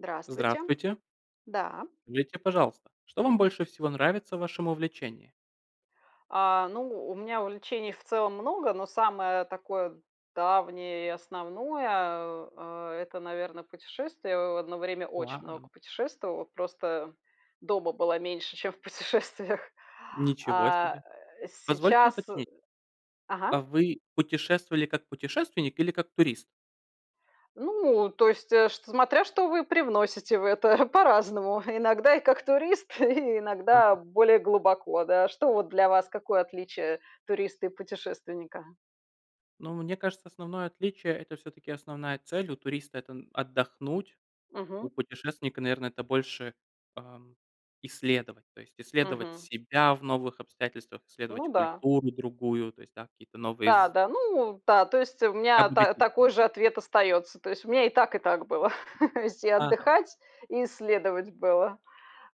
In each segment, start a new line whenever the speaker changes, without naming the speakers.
Здравствуйте.
Здравствуйте.
Да.
Скажите, пожалуйста, что вам больше всего нравится в вашем увлечении?
А, ну, у меня увлечений в целом много, но самое такое давнее и основное, а, э,- это, наверно, путешествия. О одно время очень много
Вау!
путешествовала, просто дома была меньше, чем в путешествиях.
Ничего
А,
себе.
э,
Позвольте
сейчас э
уточнить.
ага.
А вы путешествовали, как путешественник, или как турист?
Ну, то есть, э, чт смотря, что вы привносите в это. По-разному. Иногда и как турист, и
Ага.
иногда более глубоко, да. Что вот для вас, какое отличие туриста и путешественника?
Ну, мне кажется, основное отличие- это, всё-таки, основная цель. У туриста- это отдохнуть. У
Мгм.
путешественника, наверно, это больше, ам, исследовать. То есть исследовать
Мгм.
себя в новых обстоятельствах, исследовать
Ну да.
культуру другую, то есть, да, какие-то новые з
Да-да, ну да, то есть у меня та
Обогатиться.
такой же ответ остается. То есть у меня и так, и так было. То есть и
Ага.
отдыхать, и исследовать было.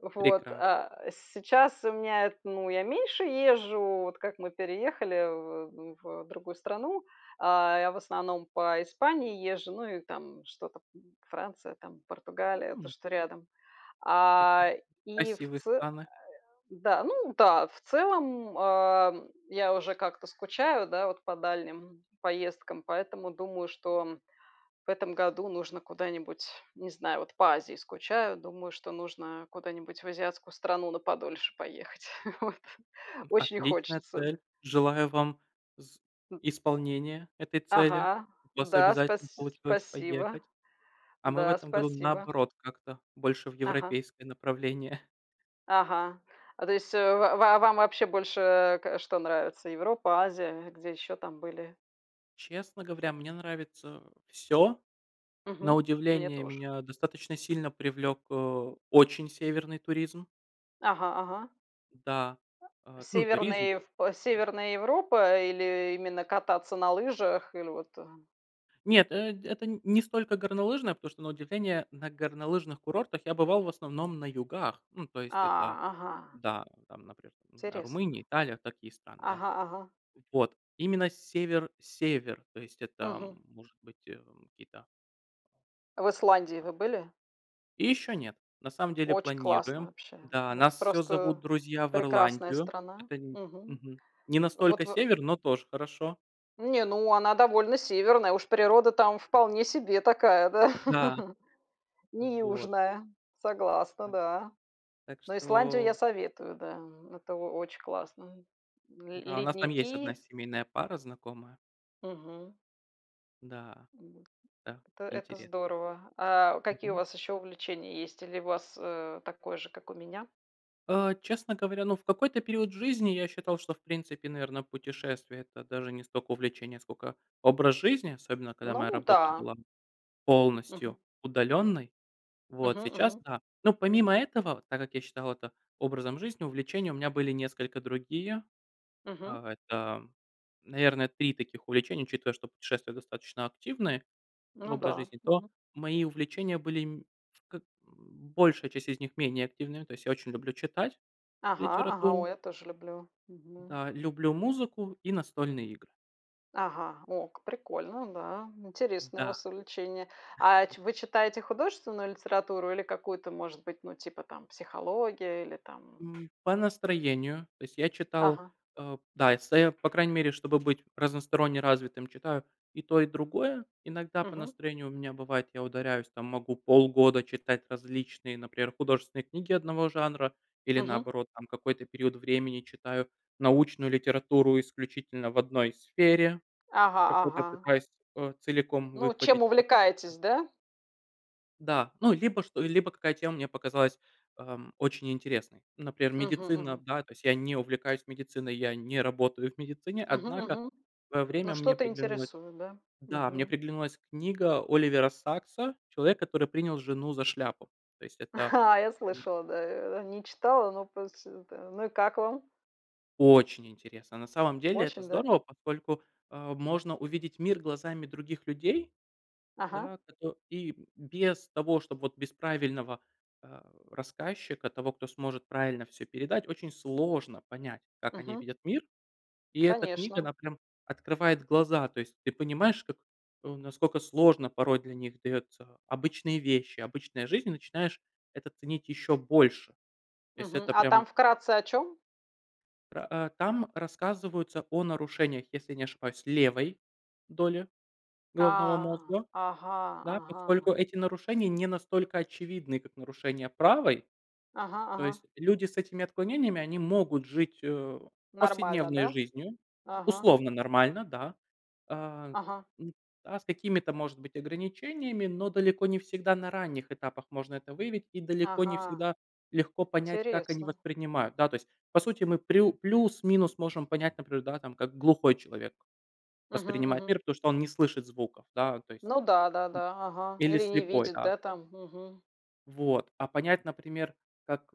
Вот,
Прекрасно.
а сейчас у меня ну, я меньше езжу, вот как мы переехали в, э, в другую страну. А я в основном по Испании езжу, ну и там что-то, Франция там, Португалия, то,
М.
что рядом.
Прекра
А и в
Красивые
це
страны.
да, ну да, в целом, ам, я уже как-то скучаю, да, вот по дальним поездкам, поэтому думаю, что в этом году нужно куда-нибудь, не знаю, вот по Азии скучаю, думаю, что нужно куда-нибудь в азиатскую страну на подольше поехать. Вот.
М,
Очень
отличная
хочется.
цель. Желаю вам з
М.
исполнения этой цели.
Ага,
У вас
да,
обязательно
спас
получилось
спасибо,
поехать. А мы в
да,
этом году,
спасибо.
наоборот, как-то больше в
Ага.
европейское направление.
Ага. А то есть ва вам вообще больше к что нравится- Европа, Азия, где ещё там были?
Честно говоря, мне нравится всё. На
Мгм. Мне
удивление,
тоже.
меня достаточно сильно привлёк, э, очень северный туризм.
Ага, ага.
Да.
А
Э, ну, туризм.
Северные в п
Все.
северная Европа, или именно кататься на лыжах, или вот, э
Нет, э это не столько горнолыжное, потому что, на удивление, на горнолыжных курортах я бывал в основном на югах. Ну, то есть это,
А, ага.
да, там например, ну, не знаю,
Интересно.
Румыния, Италия, такие страны, да.
Ага, ага.
Вот. Именно север-север. То есть это,
Мгм.
м, может быть, э, какие-то
В Исландии
А
вы были?
Еще нет. На самом деле
Оч классно
планируем.
вообще,
Да,
ну это
нас всё зовут
просто
друзья в
прекрасная
Ирландию.
страна.
Это
Мгм.
мгм. Не
Вот
настолько
вы
север, но тоже хорошо.
Не, ну она довольно северная, уж природа там вполне себе такая, да.
Да.
Не
Вот.
южная, согласна,
Ам
да.
Так
Но Исландию я
что
советую, да, это о очень классно. Ле
Да, у нас там есть одна
ледники.
семейная пара знакомая.
Мгм.
Да.
Вот.
Да,
Это это
интересно.
здорово! А какие у
Мгм.
вас еще увлечения есть, или у вас, э, такое же, как у меня?
Э, честно говоря, ну, в какой-то период жизни я считал, что, в принципе, наверно, путешествия- это даже не столько увлечение, сколько образ жизни, особенно, когда моя
Ну
работа
да.
была
Мгм.
полностью удаленной. Вот,
Мгм,
сейчас-
мгм.
да. Ну, помимо этого, так как я считал это образом жизни, увлечения у меня были несколько другие.
Мгм.
А, это, наверно, 3 таких увлечения, учитывая, что путешествия достаточно активные, ну,
Ну
образ
да,
жизни, то
мгм.
мои увлечения были мь ф как большая часть из них- менее активная. То есть я очень люблю читать
Ага, ага,
литературу.
ой, я тоже люблю, мгм.
Да. Люблю музыку и настольные игры.
Ага, ок, прикольно, да, интересные у
Да.
вас увлечения. А ть вы читаете художественную литературу или какую-то, может быть, ну, типа там психология, или там
М. По настроению. То есть я читал,
Ага.
э, да, эссе. По крайней мере, чтобы быть разносторонне развитым, читаю и то, и другое. Иногда по
Мгм.
настроению у меня бывает, я ударяюсь там, могу полгода читать различные, например, художественные книги одного жанра или,
Мгм.
наоборот там, какой-то период времени читаю научную литературу исключительно в одной сфере,
Ага,
какую-то
ага.
пытаюсь, э, целиком
Ну, чем
выхватить специально.
увлекаетесь, да?
Да. Ну, либо, чт либо, какая тема мне показалась, эм, очень интересной. Например,
Мгм,
медицина,
мгм.
да. То есть, я не увлекаюсь медициной, я не работаю в медицине.
Мгм,
Однако,
мгм.
в свое
Но
время мне
что-то
приглянулась
интересует, да?
Да, мне
Мгм.
приглянулась книга Оливера Сакса "Человек, который принял жену за шляпу". То есть это
Я
[unintelligible]
слышала, да, э, не читала, но просто это Ну, и как вам?
Очень интересно. На самом деле- это
Очень, да?
здорово, поскольку, э, можно увидеть мир глазами других людей.
Ага.
Да, кото и, м, без того, чтоб вот без правильного, а, рассказчика, того, кто сможет правильно всё передать, очень сложно понять, как они
Мгм.
видят мир. И эта книга-
Конечно.
она прям открывает глаза. То есть ты понимаешь как насколько сложно порой для них дается обычные вещи, обычная жизнь, и начинаешь это ценить еще больше. То есть
Мгм.
это
А
прям
там, вкратце, о чём?
Про, э, там рассказываются о нарушениях, если не ошибаюсь, левой доли головного
А.
мозга.
Ага,
Да? Поскольку
ага.
эти нарушения не настолько очевидны, как нарушения правой.
Ага,
То
ага.
есть люди с этими отклонениями- они могут жить, э,
Нормально,
повседневной
да?
жизнью,
Ага.
условно нормально, да. А,
Ага.
м, а с какими-то, может быть, ограничениями, но далеко не всегда на ранних этапах можно это выявить и далеко не
Ага.
всегда легко понять, как они
Интересно.
воспринимают, да. То есть, по сути, мы прю плюс-минус можем понять, например, да, там, как глухой человек
Мгм,
воспринимает
мгм.
мир, потому что он не слышит звуков, да, то есть
Ну да-да-да, ага.
Или
Или не
слепой,
видит,
да.
да, там? Мгм.
Вот, а понять, например, как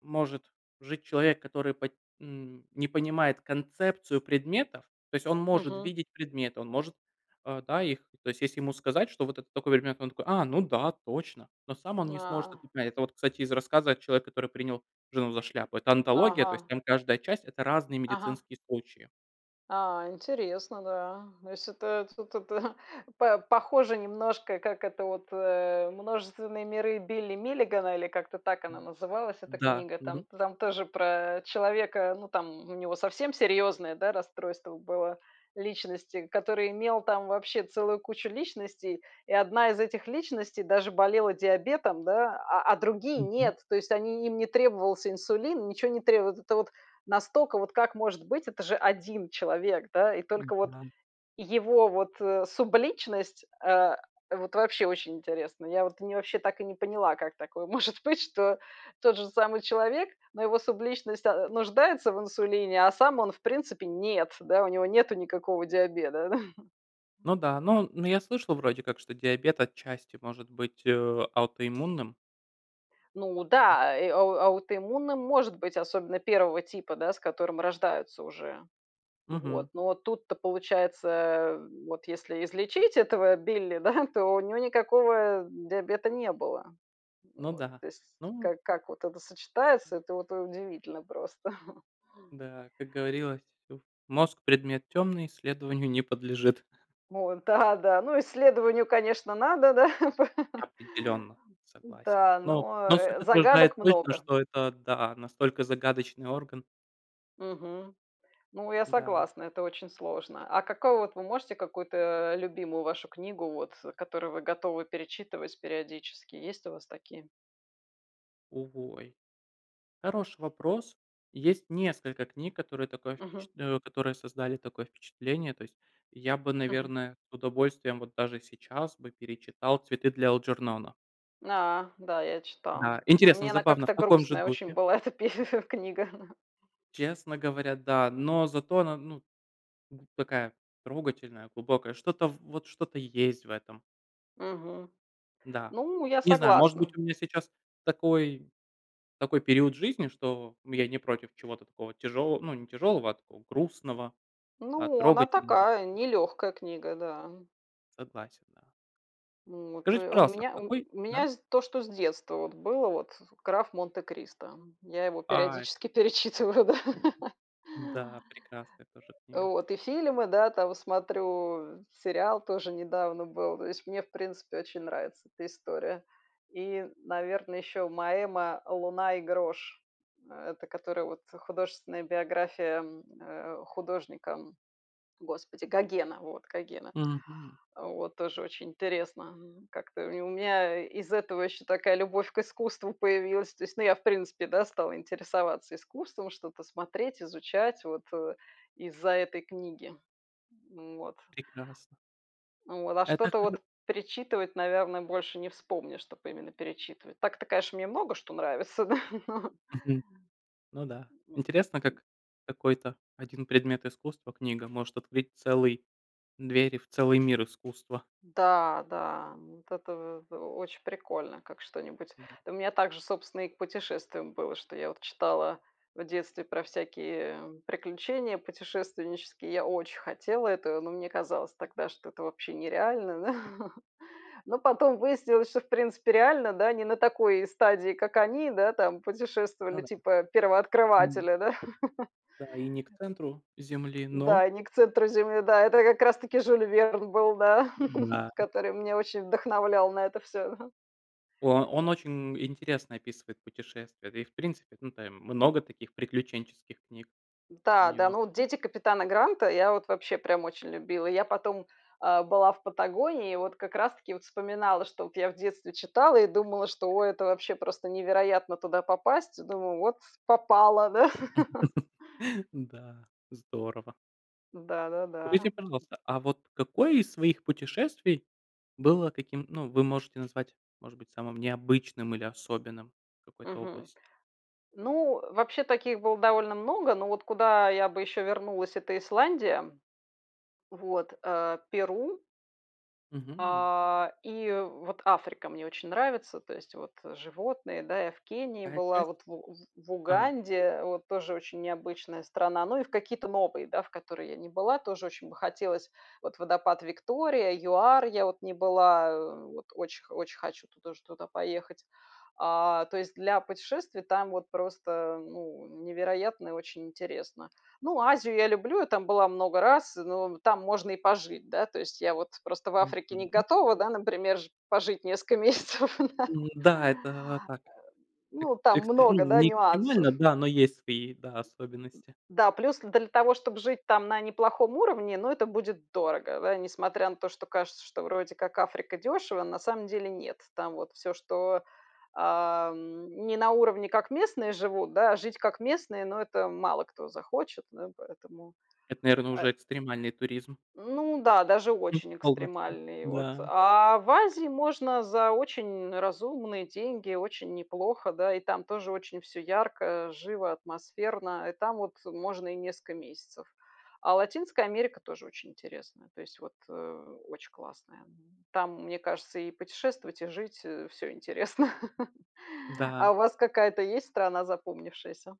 может жить человек, который по м, не понимает концепцию предметов. То есть он может
Мгм.
видеть предметы, он может, э, да, их То есть, если ему сказать, что вот это такой предмет, он такой: "А, ну да, точно!". Но сам он не сможет
На
это понять. Это вот, кстати, из рассказа, а, "Человека, который принял жену за шляпу". Это онтология, то есть
Ага.
там каждая часть- это разные
Ага.
медицинские случаи.
А, интересно, да. Ну если это тут, это по похоже немножко, как это вот, э, "Множественные миры" Билли Миллигана, или как-то так она
М.
называлась эта
Да.
книга. Там
Мгм.
там тоже про, э, человека, ну там, у него совсем серьезное, да, расстройство было личности, который имел там вообще целую кучу личностей. И одна из этих личностей даже болела диабетом, да, а а другие-
Мгм.
нет! То есть они им не требовался инсулин, ничё не требовалось. Это вот, настолько, вот как может быть, это же один человек, да? И
M.
только вот
Да.
его вот, э, субличность, э, вот вообще очень интересно! Я вообще так и не поняла, как такое может быть, что тот же самый человек, но его субличность, э, нуждается в инсулине, а сам он, в принципе, нет, да. У него нету никакого диабета, да.
Ну да. Ну ну я слышал, вроде как, что диабет отчасти может быть, э, аутоиммунным.
Ну
Да.
да, э, ау аутоиммунным может быть, особенно 1 типа, да, с которым рождаются уже. Вот.
Мгм.
Но тут-то получается, вот если излечить этого Билли, да, то у него никакого диабета не было.
Ну
Вот.
да.
То есть
Ну
как как вот это сочетается- это вот удивительно просто!
Да, как говорилось, ю мозг- предмет тёмный, исследованию не подлежит.
Вот да, да. Ну исследованию, конечно, надо, да.
Определенно, согласен.
Да,
Но
но,
но суть
э,
отражает
загадок
точно,
много.
что это, да, настолько загадочный орган.
Мгм. Ну, я
Да.
согласна, это очень сложно. А какого вот Вы можете какую-то, э, любимую вашу книгу вот, которую вы готовы перечитывать периодически? Есть у вас такие?
О ой. Хороший вопрос. И есть несколько книг, которые такое
Мгм.
впечат э, которые создали такое впечатление. То есть я бы,
Мгм.
наверное, с удовольствием вот даже сейчас бы перечитал "Цветы для Элджернона".
А. Да, я
Да.
читала, но
Интересно,
мне она
забавно, в
как-то
каком же
грустная очень
духе?
была эта пе книга.
Честно говоря, да, но зато она, ну, такая трогательная, глубокая. Что-то в вот, что-то есть в этом.
Мгм.
Да.
Ну, я
Не знаю, может быть,
согласна.
у меня сейчас такой такой период в жизни, что я не против чего-то такого тяжелого, ну, не тяжелого, а такого грустного, а,
Ну, она
трогательного.
такая, нелёгкая книга, да.
Согласен, да.
Вот.
Скажите,
То у
пожалуйста, а
ме у
какой да?
меня то, что с детства было, вот, "Граф Монте-Кристо". Я его
Ай.
периодически перечитываю, да.
Да, прекрасная тоже книга.
Вот. И фильмы, да, там, смотрю, сериал тоже недавно был. То есть мне, в принципе, очень нравится эта история. И, наверное, еще Моэма "Луна и грош", это которая вот художественная биография, э, художника, господи, Гогена, вот, Гогена.
Мгм.
Вот, тоже очень интересно. Как-то у мя из-за этого ещё такая любовь к искусству появилась. То есть, ну, я, в принципе, да, стала интересоваться искусством, что-то смотреть, изучать вот из-за этой книги. Вот.
Прекрасно.
Вот, а
Это
что-то
хор
вот перечитывать, наверное, больше не вспомнишь, чтоб именно перечитывать. Так-то, конечно, мне много что нравится, да, но
Мгм. Ну да, интересно, как какой-то 1 предмет искусства- книга, может открыть целый двери в целый мир искусства.
Да, да! Вот это в очень прикольно, как что-нибудь.
Ну да.
У меня также, собственно, и к путешествиям было, что я вот читала в детстве про всякие приключения путешественнические. Я очень хотела этого, но мне казалось тогда, что это вообще нереально. Но потом выяснилось, что, в принципе, реально, да, не на такой стадии, как они, да, там
Ну
путешествовали,
да.
типа
М.
первооткрыватели, да.
Да, и не к центру земли, но.
Да, и не к центру земли. Да, это как раз таки Жюль Верн был, да,
Да.
который меня очень вдохновлял на это всё, ага.
О, он очень интересно описывает путешествия. Да и, в принципе, ну там много таких приключенческих книг у
Да, да.
него.
Ну вот "Дети капитана Гранта"- я вот вообще прям очень любила. Я потом, э, была в Патагонии, и вот как раз-таки вот вспоминала, что вот я в детстве читала и думала, что: "О, это вообще просто невероятно туда попасть!" Думаю: "Вот попала, да!"
Да, здорово. Скажите,
Да-да-да.
пожалуйста, а вот какое из своих путешествий было таким, ну, вы можете назвать, может быть, самым необычным или особенным в какой-то
Мгм.
области?
Ну, вообще, таких было довольно много, но вот куда я бы ещё вернулась- это Исландия, вот, э, Перу.
Мгм.
А, и вот Африка мне очень нравится. То есть вот животные, да. Я в Кении
Какая
была,
часть?
вот в У в
Ага.
Уганде вот- тоже очень необычная страна. Ну и в какие-то новые, да, в которые я не была, тоже очень бы хотелось. Вот водопад Виктория, ЮАР, я вот не была, вот очень очень хочу тоже туда поехать. А, то есть, для путешествий там вот просто, ну, невероятно и очень интересно. Ну, Азию я люблю, я там была много раз, но там можно и пожить, да. То есть я вот просто в Африке не
Мгм.
готова да, например, жи пожить несколько месяцев, да.
М-да, это так. Эк
Ну, там
экстри ну,
много, да,
не экстремально,
нюансов.
да, но есть свои, да, особенности.
Да, плюс для того, чтобы жить там на неплохом уровне, ну, это будет дорого, да. Несмотря на то, что кажется, что вроде как Африка- дёшево, на самом деле нет. Там вот всё, что, ам, не на уровне, как местные живут, да, а жить как местные, ну, это мало кто захочет, да, поэтому
Это, наверно,
Э
уже экстремальный туризм.
Ну да, даже
М,
очень
полностью.
экстремальные. Вот.
Да.
А в Азии можно за очень разумные деньги, очень неплохо, да, и там тоже очень всё ярко, живо, атмосферно, и там вот можно и несколько месяцев. А Латинская Америка тоже очень интересная, то есть вот, э, очень классная. Там, мне кажется, и путешествовать, и жить всё интересно.
Да.
А у вас какая-то есть страна запомнившаяся?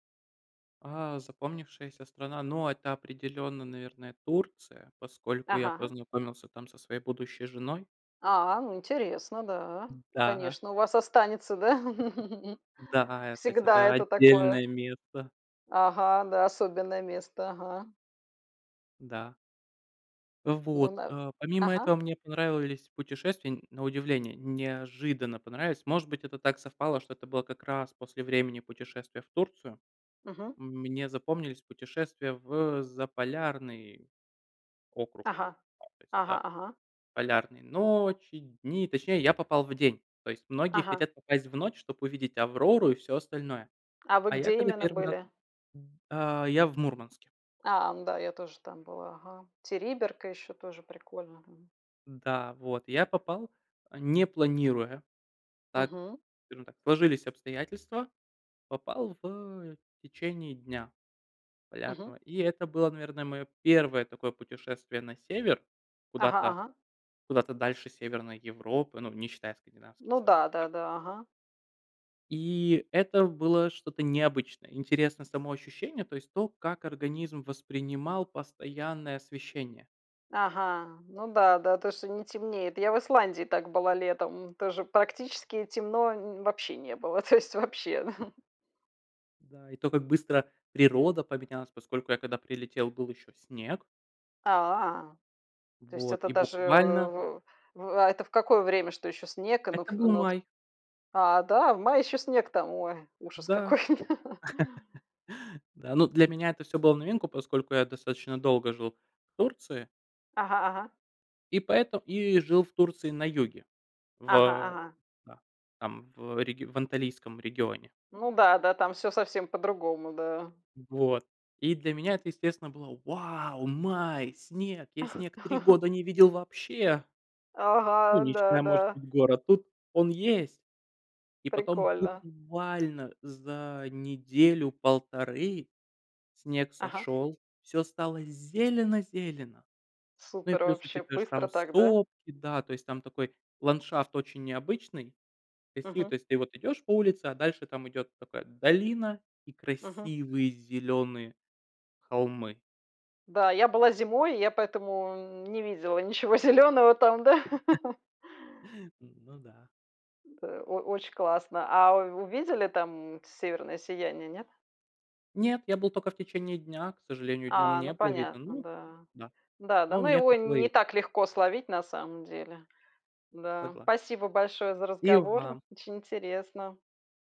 А, запомнившаяся страна, но это определенно, наверное, Турция, поскольку я
Ага.
познакомился там со своей будущей женой.
А, ну интересно, да.
Н да.
Конечно, у вас останется, да?
Да, а, тать
Всегда,
это
это
отдельное
такое.
место.
Ага, да. Особенное место, ага.
Да.
Ну
Вот.
да.
Э, помимо этого,
Ага.
мне понравились путешествия. На удивление, неожиданно понравились. Может быть, это так совпало, что это было как раз после времени путешествия в Турцию.
Мгм.
Мне запомнились путешествия в Заполярный округ. Ну,
Ага.
кстати,
Ага,
да.
ага.
Полярные ночи, дни, точнее, я попал в день. То есть многие
Ага.
хотят попасть в ночь, чтобы увидеть Аврору и все остальное.
А вы
А я
где
когда
именно
1 раз
были?
А, я в Мурманске.
А, ну да, я тоже там была, ага. Териберка ещё тоже прикольно, мгм.
Да, вот. Я попал, э, не планируя. Так,
Мгм.
скажем, да, сложились обстоятельства, попал в течение дня
Мгм.
полярного. И это было, наверное, мое первое такое путешествие на север
Ага,
куда-то,
ага.
куда-то дальше Северной Европы, ну, не считая Cкандинавских
Ну
стран,
да,
и
да,
там
да. Ага.
И это было что-то необычное. Интересно само ощущение, то есть то, как организм воспринимал постоянное освещение.
Ага, ну да-да, то, что не темнеет. Я в Исландии так была летом, тоже практически темно н вообще не было, то есть вообще.
Да, и то, как быстро природа поменялась, поскольку я когда прилетел, был еще снег.
А. То есть
Вот,
это
и
даже, э,
буквально
в в а, это в какое время, что ещё снег? Ну,
Это
в,
был
ну вот.
май.
А, да, в мае ещё снег там? Ой, ужас
Да.
какой!
Да, ну, для меня это всё было в новинку, поскольку я достаточно долго жил в Турции.
Ага, ага.
И поэто и жил в Турции на юге, в
Ага,
э
ага.
Да. Там, в реги в Анталийском регионе.
Ну да-да, там всё совсем по-другому, да.
Вот. И для меня это, естественно, было: вау, май, снег! Я снег три года не видел вообще! Ну,
Ага,
не
да,
считая, может
да.
быть, гор. А тут он есть! И потом
Прикольно.
буквально за неделю-полторы снег
Ага.
сошёл, всё стало зелено-зелено. Ну и
Супер
плюс,
вообще!
учитывая, что
Быстро
там
так, да?
сопки, да, то есть там такой ландшафт очень необычный. [unintelligible] То
Мгм.
есть ты вот идешь по улице, а дальше там идет такая долина и
Мгм.
красивые зеленые холмы.
Да, я была зимой, и я поэтому не видела ничего зелёного там, да.
Ну да.
Да, о очень классно. А у увидели там, м, северное сияние, нет?
Нет, я был только в течение дня. К сожалению, днём
А,
не
ну
было вида,
понятно,
ну
да.
да.
Да, да,
Но
ну
мне
его
хватило и
не
этих.
так легко словить, на самом деле. Да.
Согла
Спасибо большое за
И
разговор,
вам.
очень интересно.